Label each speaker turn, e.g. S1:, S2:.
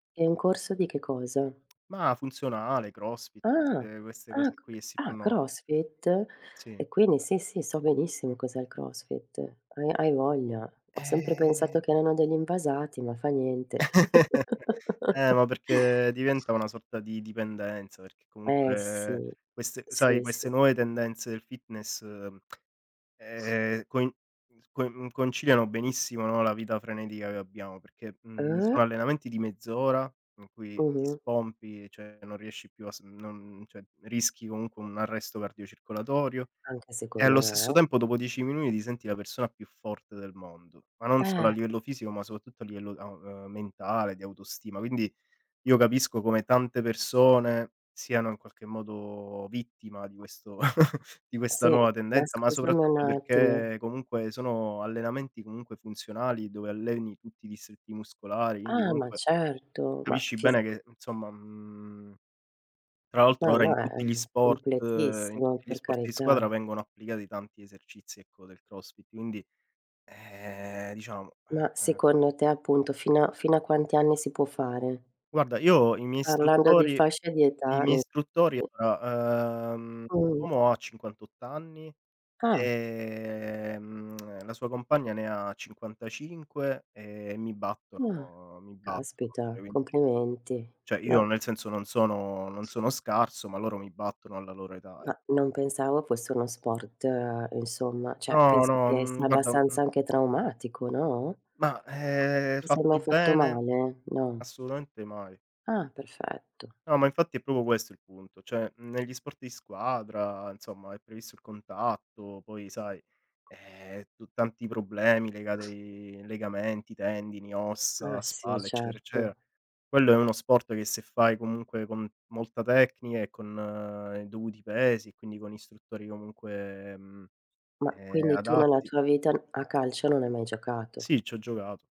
S1: E un corso di che cosa?
S2: Ma funzionale, crossfit,
S1: Ah,
S2: queste queste
S1: ah, c
S2: cose qui che si
S1: ah,
S2: fanno oggi.
S1: crossfit?
S2: Sì
S1: E quindi sì, sì, so benissimo cos'è il crossfit, uhm, hai voglia, ho sempre pensato che
S2: Ehm
S1: erano degli invasati, ma fa niente.
S2: Eh, ma perché diventa una sorta di dipendenza, perché
S1: Eh,
S2: comunque
S1: Sì.
S2: queste sai
S1: Sì,
S2: queste
S1: sì.
S2: nuove tendenze del fitness, ehm, coi con conciliano benissimo, no, la vita frenetica che abbiamo, perché, mhmm,
S1: Uh.
S2: sono allenamenti di mezz'ora, in cui ti
S1: Mh-mh.
S2: spompi, cioè non riesci più a sm non cioè rischi comunque un arresto cardiocircolatorio,
S1: Anche
S2: e
S1: secondo
S2: allo stesso
S1: me.
S2: tempo, dopo 10 minuti, ti senti la persona più forte del mondo, ma non solo a
S1: Eh.
S2: livello fisico, ma soprattutto a livello a ehm, mentale, di autostima quindi, io capisco come tante persone siano in qualche modo vittima di questo di questa
S1: Sì,
S2: nuova
S1: ma
S2: tendenza, ma
S1: scusami un
S2: soprattutto
S1: attimo.
S2: perché comunque, sono allenamenti comunque funzionali, dove alleni tutti i distretti muscolari, quindi
S1: Ah, ma
S2: comunque
S1: certo, ma
S2: capisci
S1: fisi
S2: bene che, insomma, mhmm, tra l'altro
S1: Ma
S2: ora
S1: no,
S2: in
S1: è
S2: tutti gli sport in
S1: completissimo
S2: tutti gli
S1: per
S2: sport di squadra
S1: carità.
S2: vengono applicati tanti esercizi, ecco, del crossfit quindi, ehm, diciamo
S1: Ma,
S2: eh, eh
S1: secondo te, appunto, fino a fino a quanti anni si può fare?
S2: Guarda, io i miei
S1: Parlando di
S2: istruttori
S1: fascia di
S2: i
S1: età
S2: miei
S1: ne
S2: istruttori,
S1: [unintelligible]
S2: uhm,
S1: Mh.
S2: l'uomo ha 58 anni,
S1: Ah.
S2: ehm la sua compagna ne ha 55 e mi
S1: Ah,
S2: battono mi battono, cioè
S1: caspita,
S2: quindi
S1: complimenti,
S2: Cioè io
S1: no.
S2: nel senso, non sono non sono scarso, ma loro mi battono, alla loro età ec
S1: Ma non pensavo fosse uno sport insomma, cioè,
S2: No,
S1: penso
S2: no,
S1: che
S2: mhmm,
S1: sia
S2: guarda, mhmm
S1: abbastanza anche traumatico, no.
S2: Ma, ehm,
S1: Ti sei mai
S2: fatto
S1: fatto
S2: bene
S1: male? No.
S2: assolutamente mai.
S1: Ah, perfetto.
S2: No, ma infatti è proprio questo il punto, cioè negli sport di squadra, insomma, è previsto il contatto, poi sai, ehm, tu tanti problemi, legati ai legamenti, tendini, ossa,
S1: Ah, sì
S2: spalla, eccetera,
S1: certo.
S2: eccetera; quello è uno sport che se fai comunque con molta tecnica e con i dovuti pesi, e quindi con istruttori comunque, mhmm,
S1: Ma,
S2: ehm,
S1: quindi tu nella
S2: adatti
S1: tua vita, a calcio non hai mai giocato.
S2: Sì, c'ho giocato.